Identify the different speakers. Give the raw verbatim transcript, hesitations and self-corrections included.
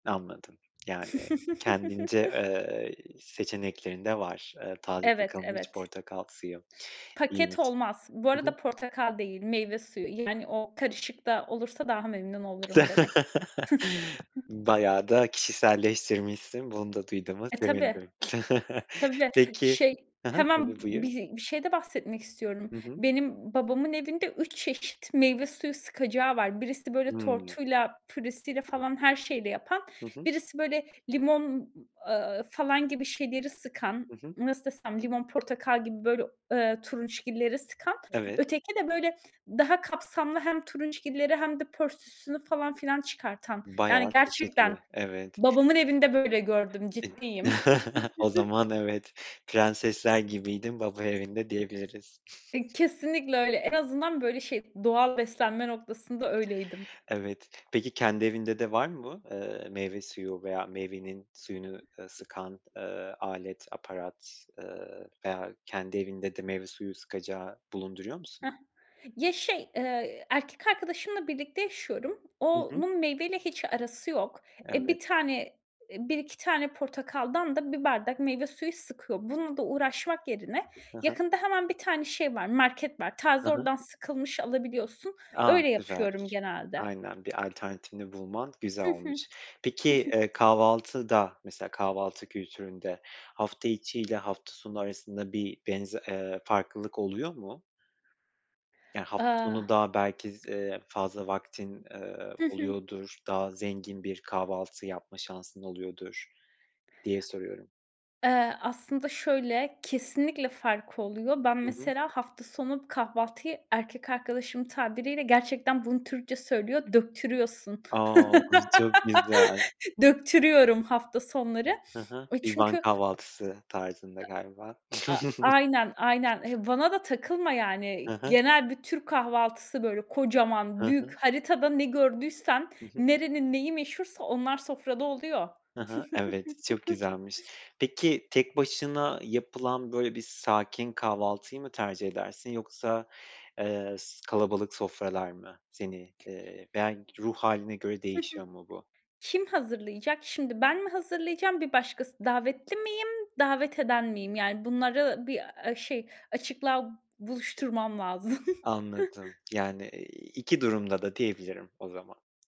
Speaker 1: Anladım yani kendince, eee, seçeneklerin de var, eee, taze
Speaker 2: Evet,
Speaker 1: sıkılmış
Speaker 2: evet.
Speaker 1: portakal suyu.
Speaker 2: Paket
Speaker 1: İyiymiş.
Speaker 2: olmaz. Bu
Speaker 1: Hı hı.
Speaker 2: arada portakal değil meyve suyu. Yani, o karışık da olursa daha memnun olurum demek.
Speaker 1: Bayağı da kişiselleştirmişsin, bunu da duyduğuma
Speaker 2: E tabii.
Speaker 1: sevindim.
Speaker 2: Tabii.
Speaker 1: Peki,
Speaker 2: Şey,
Speaker 1: ha ha,
Speaker 2: hemen
Speaker 1: tabii
Speaker 2: bi
Speaker 1: buyur.
Speaker 2: bir şeyde bahsetmek istiyorum.
Speaker 1: Hı hı.
Speaker 2: Benim babamın evinde üç çeşit meyve suyu sıkacağı var. Birisi, böyle,
Speaker 1: Hımm.
Speaker 2: tortuyla, püresiyle falan her şeyiyle yapan
Speaker 1: Hı hı.
Speaker 2: birisi, böyle, limon, aaa, falan gibi şeyleri sıkan,
Speaker 1: Hı hı.
Speaker 2: nasıl desem, limon portakal gibi, böyle, ııı, turunçgilleri sıkan,
Speaker 1: Evet.
Speaker 2: öteki de, böyle, daha kapsamlı hem turunçgilleri hem de pörsüsünü falan filan pörsüsünü çıkartan, yani
Speaker 1: Bayağı
Speaker 2: gerçekten
Speaker 1: çeşitli, evet.
Speaker 2: babamın evinde böyle gördüm, ciddiyim.
Speaker 1: E, o zaman, evet, prensesler gibiydim baba evinde diyebiliriz.
Speaker 2: E kesinlikle öyle. En azından, böyle, şey, doğal beslenme noktasında öyleydim.
Speaker 1: Evet. Peki, kendi evinde de var mı bu, ııı, meyve suyu veya meyvenin suyunu, ııı, sıkan, ııı, alet, aparat, ııı, veya kendi evinde de meyve suyu sıkacağı bulunduruyor musun?
Speaker 2: Hah. Ya şey, eee, erkek arkadaşımla birlikte yaşıyorum.
Speaker 1: Hı hı.
Speaker 2: Onun meyveyle hiç arası yok. E bir
Speaker 1: Evet.
Speaker 2: tane, eee, bir iki tane portakaldan da bir bardak meyve suyu sıkıyor. Bununla da uğraşmak yerine
Speaker 1: Ha ha.
Speaker 2: yakında hemen bir tane şey var, market var.
Speaker 1: Ha
Speaker 2: Taze
Speaker 1: ha.
Speaker 2: oradan sıkılmış alabiliyorsun.
Speaker 1: A!
Speaker 2: Öyle
Speaker 1: Güzel.
Speaker 2: yapıyorum genelde.
Speaker 1: Aynen, bir alternatifini bulman güzel
Speaker 2: Hı hı.
Speaker 1: olmuş. Peki, eee, kahvaltıda mesela kahvaltı kültüründe, hafta içi ile hafta sonu arasında bir benze eee, farklılık oluyor mu? Yani hafta
Speaker 2: Iıı
Speaker 1: sonu daha belki z eee, fazla vaktin, eee,
Speaker 2: Hı hı.
Speaker 1: oluyordur. Daha zengin bir kahvaltı yapma şansın oluyordur, diye soruyorum.
Speaker 2: Eee, aslında şöyle, kesinlikle farkı oluyor. Ben,
Speaker 1: Hı hı.
Speaker 2: mesela hafta sonu kahvaltıyı erkek arkadaşımın tabiriyle gerçekten bunu Türkçe söylüyor, döktürüyorsun.
Speaker 1: O! Çok güzel.
Speaker 2: Döktürüyorum, hafta sonları,
Speaker 1: Hı hı.
Speaker 2: e
Speaker 1: Bir Van
Speaker 2: çünkü
Speaker 1: kahvaltısı tarzında galiba.
Speaker 2: E a aynen aynen, e bana da takılma,
Speaker 1: Hı
Speaker 2: yani,
Speaker 1: hı.
Speaker 2: genel bir Türk kahvaltısı, böyle, kocaman
Speaker 1: Ha
Speaker 2: büyük
Speaker 1: ha.
Speaker 2: haritada ne gördüysen,
Speaker 1: Hı hı.
Speaker 2: nerenin neyi meşhursa onlar sofrada oluyor.
Speaker 1: Ha ha, evet çok güzelmiş. Peki tek başına yapılan, böyle, bir sakin kahvaltıyı mı tercih edersin yoksa, eee, s kalabalık sofralar mı seni, eee, veya g ruh hâline göre
Speaker 2: Hı hı.
Speaker 1: değişiyor mu bu?
Speaker 2: Kim hazırlayacak? Şimdi ben mi hazırlayacağım? Bir başkası, davetli miyim davet eden miyim? Yani, bunları bir, aaa, şey açıklığa buluşturmam lazım.
Speaker 1: Anladım yani, iii, iki durumda da diyebilirim, o zaman.